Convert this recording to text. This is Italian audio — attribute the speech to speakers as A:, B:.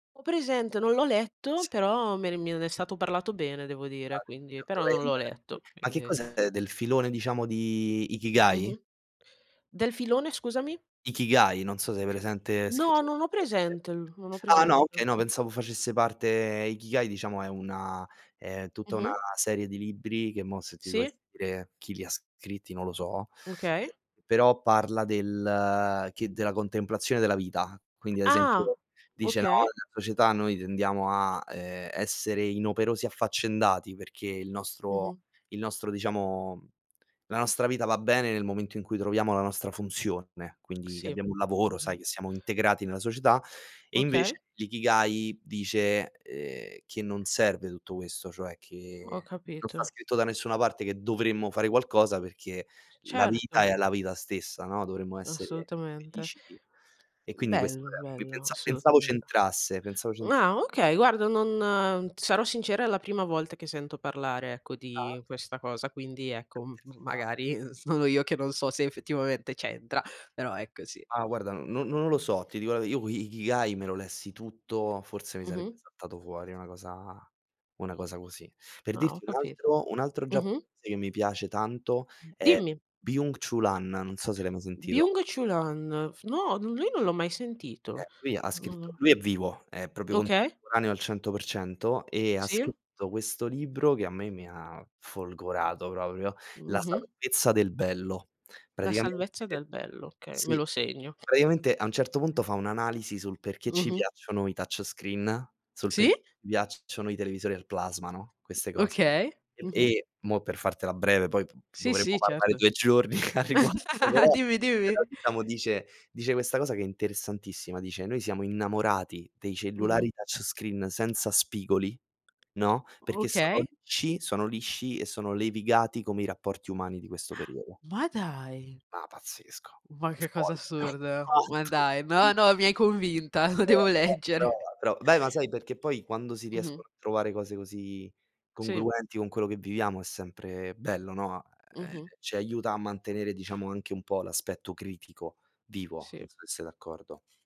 A: Ho presente, non l'ho letto, però me ne mi ne è stato parlato bene devo dire, quindi però non l'ho
B: [unintelligible]
A: letto,
B: ma che
A: quindi.
B: cos'è, del filone diciamo di Ikigai?
A: Mh-mh. Del filone scusami?
B: Ikigai, non so se hai presente,
A: No,
B: scrittore
A: non ho
B: giapponese.
A: presente, non ho
B: Ah, no,
A: presente.
B: okay, no pensavo facesse parte Ikigai diciamo è una è tutta una
A: Mh-mh.
B: serie di libri che mo' se ti
A: Sì.
B: dovessi dire chi li scritti, non lo so,
A: Okay.
B: però parla del che della contemplazione della vita. Quindi ad
A: Ah.
B: esempio, dice: "No,
A: Okay.
B: nella società noi tendiamo a, ehm, essere inoperosi e affaccendati perché il nostro
A: Mh-mh.
B: il nostro diciamo la nostra vita va bene nel momento in cui troviamo la nostra funzione". Quindi che
A: Sì.
B: abbiamo un lavoro,
A: Mh-mh.
B: sai che siamo integrati nella società e invece
A: Okay.
B: l'Ikigai dice, ehm, che non serve tutto questo, cioè
A: Ho
B: che non sta
A: capito.
B: scritto da nessuna parte che dovremmo fare qualcosa perché
A: C
B: la vita
A: certo.
B: è la vita stessa, no? Dovremmo essere
A: Assolutamente.
B: felici di e
A: Mhmm,
B: quindi questo
A: bello,
B: [unintelligible]
A: bello,
B: pensa pensavo
A: assolutamente.
B: c'entrasse, pensavo c'entr
A: Ah, okay, guarda non sarò sincera, è la prima volta che sento parlare ecco
B: Ah,
A: di
B: okay.
A: questa cosa, quindi ecco m
B: Ci sta.
A: magari, uhm, sono io che non so se effettivamente c'entra, però è così.
B: Ah, guarda, no non lo so, ti dico la v io i Ikigai me lo lessi tutto, forse mi sarebbe
A: Mh-mh.
B: saltato fuori una cosa una cosa così. Per
A: Ah, ho
B: dirti un
A: capito.
B: altro un altro
A: Mh-mh.
B: giapponese che mi piace tanto
A: M
B: è
A: dimmi.
B: Byung Chul Han, non so se l'hai mai sentito.
A: Byung Chul Han, f no, lui non l'ho mai sentito.
B: Eh, lui ha scritto
A: Uhm
B: lui è vivo, è proprio
A: Okay.
B: contemporaneo al 100% e ha
A: Sì?
B: scritto questo libro che a me mi ha folgorato proprio, la
A: Mh-mh.
B: salvezza del bello.
A: La
B: Praticamente
A: salvezza del bello, okay, me
B: sì.
A: lo segno.
B: Praticamente a un certo punto fa un'analisi sul perché ci
A: Mh-mh.
B: piacciono i touch screen, sul per
A: Sì?
B: ci piacciono i televisori al plasmano, no, queste cose.
A: Okay. Mh-mh.
B: E mo' per fartela breve poi p p
A: Sì,
B: dovremmo
A: sì,
B: parlare
A: certo.
B: 2 giorni a riguardo, però
A: Dimmi,
B: però
A: dimmi.
B: diciamo dice dice questa cosa che è interessantissima, dice: "Noi siamo innamorati dei cellulari
A: Mh-mh.
B: touch screen senza spigoli, no? Perché sono
A: Okay.
B: lisci, sono lisci e sono levigati come i rapporti umani di questo periodo".
A: Ma dai.
B: Ma pazzesco.
A: Ma che cosa
B: Folle
A: assurda. Ma dai. No,
B: [unintelligible]
A: no, mi hai convinta, lo devo
B: [unintelligible] Però
A: leggere.
B: però beh, ma sai, perché poi quando si
A: Mh-mh.
B: riescono a trovare cose così
A: Sì.
B: congruenti con quello che viviamo è sempre bello, no? Ehm,
A: Mh-mh.
B: ci aiuta a mantenere diciamo anche un po' l'aspetto critico vivo,
A: Sì.
B: non so se sei d'accordo.